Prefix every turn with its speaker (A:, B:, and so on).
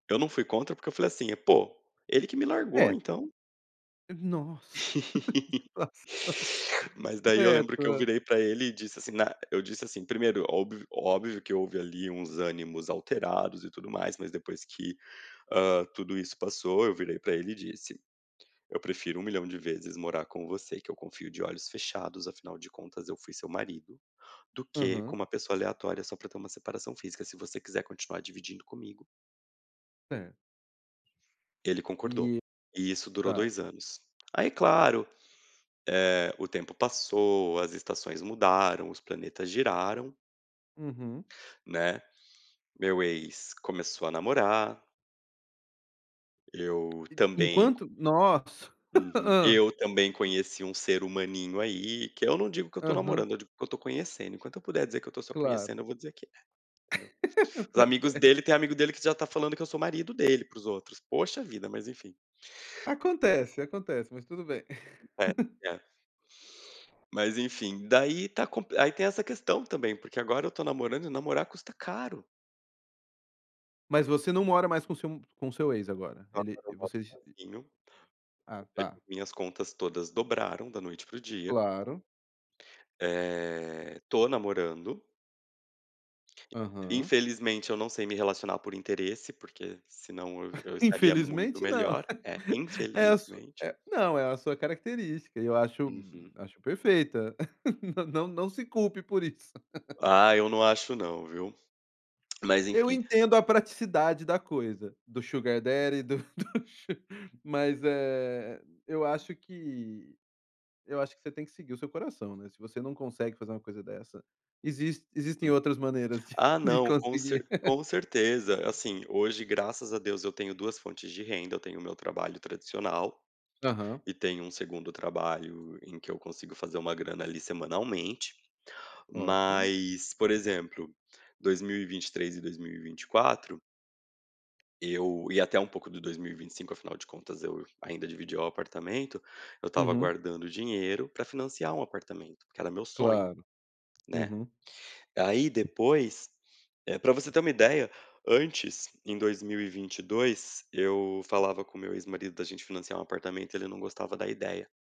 A: Eu não fui contra, porque eu falei assim: "Pô, ele que me largou,
B: É.
A: então".
B: Nossa que situação.
A: Mas daí eu
B: É,
A: lembro que eu
B: to
A: virei pra ele e disse assim na eu disse assim primeiro, óbv óbvio que houve ali uns ânimos alterados e tudo mais, mas depois que, hã, tudo isso passou, eu virei pra ele e disse: "Eu prefiro um milhão de vezes morar com você, que eu confio de olhos fechados, afinal de contas eu fui seu marido, do que com
B: Aham.
A: uma pessoa aleatória, só pra ter uma separação física. Se você quiser continuar dividindo comigo".
B: Certo.
A: Ele concordou.
B: E
A: E isso durou
B: tá.
A: 2 anos. Aí claro, eh, o tempo passou, as estações mudaram, os planetas giraram
B: Uhum.
A: né. Meu ex começou a namorar. Eu
B: E
A: também.
B: enquanto nossa
A: Uhum.
B: hã.
A: Eu também conheci um ser humaninho aí, que eu não digo que eu estou
B: Uhum.
A: namorando, eu digo que eu estou conhecendo, enquanto eu puder dizer que eu estou só
B: Claro.
A: conhecendo eu vou dizer que é, entendeu. Os amigos
B: [unintelligible]
A: dele tem amigo dele que já está falando que eu sou marido dele para os outros. Poxa vida, mas enfim.
B: Acontece, acontece, mas tudo bem.
A: É, é. Mas enfim, daí está compli aí tem essa questão também, porque agora eu estou namorando, e namorar custa caro.
B: Mas você não mora mais com seu m com seu ex agora? Ele
A: Agora eu moro
B: vocês e
A: sozinho.
B: Ah tá.
A: [unintelligible] minhas contas todas dobraram, da noite para o dia.
B: Claro.
A: Eh, tô namorando.
B: Aham.
A: Infelizmente eu não sei me relacionar por interesse, porque senão eu eu estaria muito
B: Infelizmente não.
A: melhor. É,
B: É a su
A: infelizmente.
B: eh, não, é a sua característica, eu acho
A: Uhum.
B: acho perfeita. Não não se culpe por isso.
A: Ah, eu não acho não, viu. Mas
B: Eu
A: enfim.
B: entendo a praticidade da coisa, do sugar daddy, do do su mas, eh, eu acho que eu acho que você tem que seguir o seu coração, né. Se você não consegue fazer uma coisa dessa, existe existem outras maneiras de
A: Ah
B: de
A: não, com ce
B: conseguir.
A: com certeza. Assim, hoje graças a Deus eu tenho 2 fontes de renda, eu tenho o meu trabalho tradicional,
B: Aham.
A: e tenho um 2º trabalho em que eu consigo fazer uma grana ali, semanalmente.
B: Ótimo.
A: Mas, por exemplo, 2023 e 2024 eu e até um pouco do 2025, afinal de contas eu ainda dividi o apartamento, eu estava
B: Uhum.
A: guardando dinheiro pra financiar um apartamento, porque era meu sonho,
B: Claro.
A: né.
B: Uhum.
A: Aí depois eh, pra você ter uma ideia, antes, em 2022, eu falava com o meu ex-marido da gente financiar um apartamento, ele não gostava da ideia.